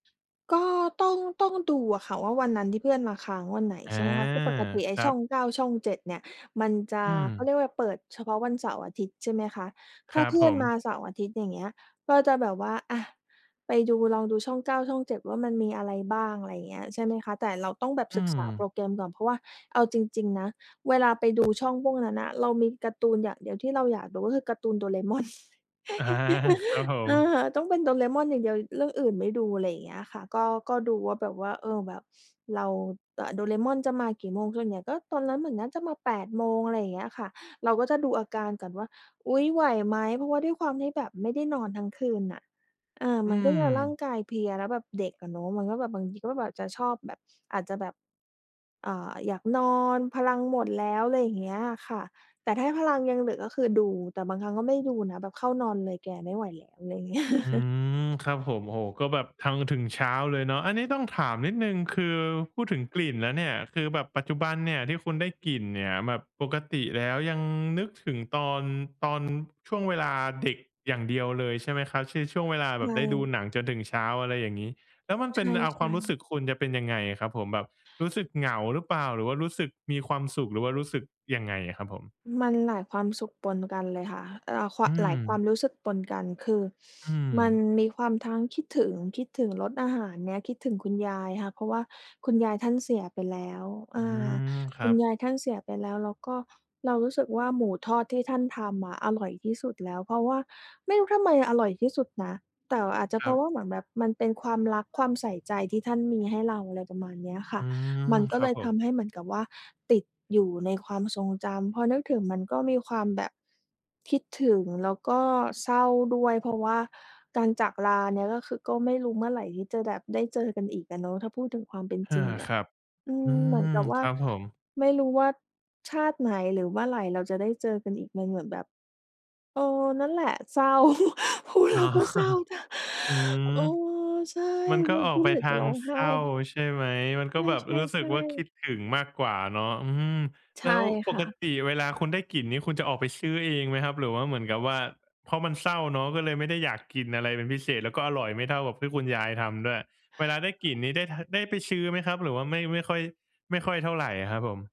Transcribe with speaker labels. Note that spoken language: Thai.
Speaker 1: ก็ ต้อง ต้องดูอะค่ะว่า วันนั้นที่เพื่อนมาค้างวันไหน
Speaker 2: อา
Speaker 1: ใช่ไหมคะ? คือปกติไอ
Speaker 2: ค
Speaker 1: ้
Speaker 2: รั
Speaker 1: ช่
Speaker 2: บ
Speaker 1: อง 9 ช่อง 7 เนี่ย มันจะ
Speaker 2: อื
Speaker 1: เขา
Speaker 2: ม
Speaker 1: เรียกว่า เปิดเฉพาะวันเสาร์-อาทิตย์ ใช่ไหมคะ?
Speaker 2: ค
Speaker 1: ถ้
Speaker 2: ร
Speaker 1: า
Speaker 2: ับ
Speaker 1: เพื
Speaker 2: ผ
Speaker 1: ่อนมา
Speaker 2: ม
Speaker 1: เสาร์ อาทิตย์ อย่างเงี้ย ก็จะแบบว่า อะ ไปดู ลองดูช่อง 9 ช่อง 7 ว่า มันมีอะไรบ้าง อะไรอย่างเงี้ย ใช่ไหมคะ แต่เราต้องแบบ
Speaker 2: อื
Speaker 1: ศึกษาโปร
Speaker 2: ม
Speaker 1: แกรมก่อน เพราะว่าเอาจริง ๆ นะ เวลาไปดูช่องพวกนั้นน่ะ เรามีการ์ตูนอย่างเดียวที่เราอยากดู ก็คือการ์ตูนโดราเอมอน
Speaker 2: อา ครับผ
Speaker 1: เอ
Speaker 2: ม
Speaker 1: อ ต้องเป็นโดราเอมอนอย่างเดียว เรื่องอื่นไม่ดู ไรเงี้ยอะค่ะ ก็ ก็ดูว่าแบบว่า เออ แบบ เราจะ โดราเอมอนจะมากี่โมง ส่วนใหญ่ก็ตอนนั้นเหมือนน่าจะมา 8 โมง อะไรอย่างเงี้ยค่ะ เราก็จะดูอาการก่อนว่า อุ๊ย ไหวไหม เพราะว่าด้วยความที่แบบไม่ได้นอนทั้งคืนน่ะ เออ
Speaker 2: อื
Speaker 1: มันก็จะร่า
Speaker 2: ม
Speaker 1: งกายเพลีย แล้วแบบเด็กอะเนาะ มันก็แบบ บางทีก็แบบ จะชอบแบบ อาจจะแบบ อ่า อยากนอนพลังหมดแล้ว ไรเงี้ยค่ะ แต่ถ้าพลังยังเหลือ ก็คือดู แต่บางครั้งก็ไม่ดูนะ แบบเข้านอนเลยแกไม่ไหวแล้ว อะไรอย่าง เงี้ย
Speaker 2: อืม ครับผม โอ้โฮ ก็แบบทั้ง ถึงเช้าเลยเนาะ อันนี้ต้องถามนิดหนึ่ง คือพูดถึงกลิ่นแล้วเนี่ย คือแบบปัจจุบันเนี่ย ที่คุณได้กลิ่นเนี่ยแบบปกติ แล้วยังนึกถึง ตอน ตอนช่วงเวลาเด็กอย่างเดียวเลย ใช่ไหมครับ? คือ ช่วงเวลาแบ
Speaker 1: ใช
Speaker 2: บได้ดู
Speaker 1: ่
Speaker 2: หนังจนถึงเช้า อะไรอย่างงี้? แล้วมัน
Speaker 1: ใ
Speaker 2: เป
Speaker 1: ช
Speaker 2: ็น อ่า ความ
Speaker 1: ่
Speaker 2: รู้ส
Speaker 1: ๆ
Speaker 2: ึกคุณจะเป็นยังไงอะครับผม แบบรู้สึกเหงาหรือเปล่า หรือว่ารู้สึกมีความสุข หรือว่ารู้สึกยังไงอะครับผม?
Speaker 1: มันหลายความสุขปนกันเลยค่ะ เอ่อ คว
Speaker 2: อ
Speaker 1: า
Speaker 2: ื
Speaker 1: ม หลายความ
Speaker 2: ม
Speaker 1: รู้สึกปนกัน คือ
Speaker 2: อื
Speaker 1: มัน
Speaker 2: ม
Speaker 1: มีความทั้งคิดถึง คิดถึง รสอาหารเนี้ย คิดถึงคุณยายค่ะ เพราะว่าคุณยายท่านเสียไปแล้ว อ
Speaker 2: อื
Speaker 1: า
Speaker 2: ม ค
Speaker 1: ค
Speaker 2: รั
Speaker 1: ุณ
Speaker 2: บ
Speaker 1: ยายท่านเสียไปแล้ว แล้วก็เรารู้สึกว่า หมูทอดที่ท่านทำอะอร่อยที่สุดแล้ว เพราะว่าไม่รู้ทำไมอร่อยที่สุดนะ แต่อาจจะ
Speaker 2: ค
Speaker 1: เพ
Speaker 2: ร
Speaker 1: ร
Speaker 2: ั
Speaker 1: า
Speaker 2: บ
Speaker 1: ะว่า เหมือนแบบมันเป็นความรัก ความใส่ใจ ที่ท่านมีให้เรา อะไรประมาณเนี้ยค
Speaker 2: อ
Speaker 1: ่
Speaker 2: ื
Speaker 1: ะ
Speaker 2: ม
Speaker 1: มันก
Speaker 2: ค
Speaker 1: ็
Speaker 2: ร
Speaker 1: เ
Speaker 2: ั
Speaker 1: ล
Speaker 2: บ
Speaker 1: ย
Speaker 2: ผ
Speaker 1: ท
Speaker 2: ม
Speaker 1: ำให้เหมือนกับว่า ติดอยู่ในความทรงจำ พอนึกถึงมันก็มีความแบบ คิดถึง แล้วก็เศร้าด้วย เพราะว่าการจากลาเนี่ย ก็คือ ก็ไม่รู้เมื่อไหร่ที่จะแบบได้เจอกันอีกอะเนาะ ถ้าพูดถึงความเป็น
Speaker 2: อา
Speaker 1: จริงอ
Speaker 2: ค
Speaker 1: ะ
Speaker 2: รับ
Speaker 1: อื
Speaker 2: อื
Speaker 1: ม เหมือ
Speaker 2: ม
Speaker 1: นกับว
Speaker 2: ค
Speaker 1: ่า
Speaker 2: รับผม
Speaker 1: ไม่รู้ว่าชาติไหน หรือเมื่อไหร่เราจะได้เจอกันอีก มันเหมือนแบบ เออ นั่นแหละเศร้า พูด
Speaker 2: อ
Speaker 1: แล
Speaker 2: ๋อ
Speaker 1: ้วก็เศร้า
Speaker 2: อืม
Speaker 1: เออ ใช่
Speaker 2: มันก
Speaker 1: เ
Speaker 2: ็
Speaker 1: รา
Speaker 2: ออ
Speaker 1: ก
Speaker 2: ก
Speaker 1: ็
Speaker 2: ไป
Speaker 1: เหมือน
Speaker 2: ท
Speaker 1: จะ
Speaker 2: า
Speaker 1: ร
Speaker 2: ง
Speaker 1: ้องไ
Speaker 2: เ
Speaker 1: ห
Speaker 2: ศ
Speaker 1: ้
Speaker 2: ร้า ใช่ไหม? มันก็
Speaker 1: ใ
Speaker 2: แบบ
Speaker 1: ช่
Speaker 2: รู้สึกว่า ค
Speaker 1: ๆ
Speaker 2: ิ
Speaker 1: ๆ
Speaker 2: ดถึงมากกว่าเนาะ อืม
Speaker 1: ใช
Speaker 2: แล้
Speaker 1: ่
Speaker 2: วป
Speaker 1: ค่
Speaker 2: ก
Speaker 1: ะ
Speaker 2: ติเวลาคุณได้กลิ่นนี้คุณจะออกไปซื้อเองไหมครับ? หรือว่าเหมือนกับว่า เพราะมันเศร้าเนาะ ก็เลยไม่ได้อยากกินอะไรเป็นพิเศษ แล้วก็อร่อยไม่เท่ากับที่คุณยายทำด้วย เวลาได้กลิ่นนี้ ได้ ท ได้ไปซื้อไหมครับ หรือว่า ไม่ ไม่ค่อย ไม่ค่อยเท่าไรอะครับผม?